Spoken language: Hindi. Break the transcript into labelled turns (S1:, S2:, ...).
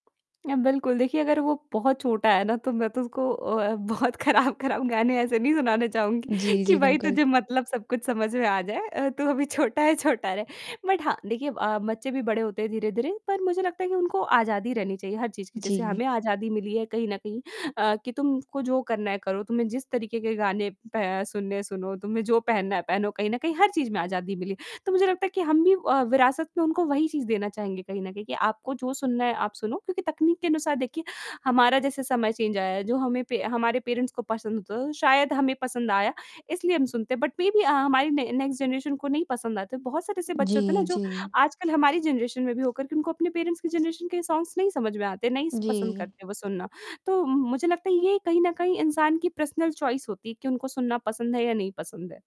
S1: अ, बिल्कुल। देखिए अगर वो बहुत छोटा है ना, तो मैं तो उसको अ, बहुत ख़राब-ख़राब गाने ऐसे नहीं सुनाना चाहूँगी
S2: जी,
S1: कि
S2: जी।
S1: भाई
S2: बिल्कुल।
S1: तुझे मतलब सब कुछ समझ में आ जाए अ, "तू अभी छोटा है, छोटा रह," बट हाँ, देखिए अ, बच्चे भी बड़े होते हैं धीरे-धीरे पर मुझे लगता है कि उनको आज़ादी रहनी चाहिए हर चीज़ की, जैसे
S2: जी।
S1: हमें आज़ादी मिली है कहीं न कहीं अ, कि तुमको जो करना है करो, तुम्हें जिस तरीक़े के गाने प सुनने हैं सुनो, तुम्हें जो पहनना है पहनो, कहीं न कहीं हर चीज़ में आज़ादी मिले, तो मुझे लगता है कि हम भी अ, विरासत में उनको वही चीज़ देना चाहेंगे कहीं न कहीं कि आपको जो सुनना है आप सुनो, क्योंकि तकनीक के अनुसार देखिए हमारा जैसे समय चेंज आया है, जो हमें पे हमारे पेरेंट्स को पसंद होता है शायद हमें पसंद आया इसलिए हम सुनते हैं, बट मेबी अ, हमारी न नेक्स्ट जनरेशन को नहीं पसंद आते। बहुत सारे ऐसे बच्चे होते ना
S2: जी,
S1: जो
S2: जी।
S1: आजकल हमारी जनरेशन में भी होकर तुमको अपने पेरेंट्स की जनरेशन के सॉन्ग्स नहीं समझ में आते, नहीं स पसंद
S2: जी।
S1: करते वो सुनना, तो म मुझे लगता है ये कहीं न कहीं इंसान की पर्सनल चॉइस होती है कि उनको सुनना पसंद है या नहीं पसंद है।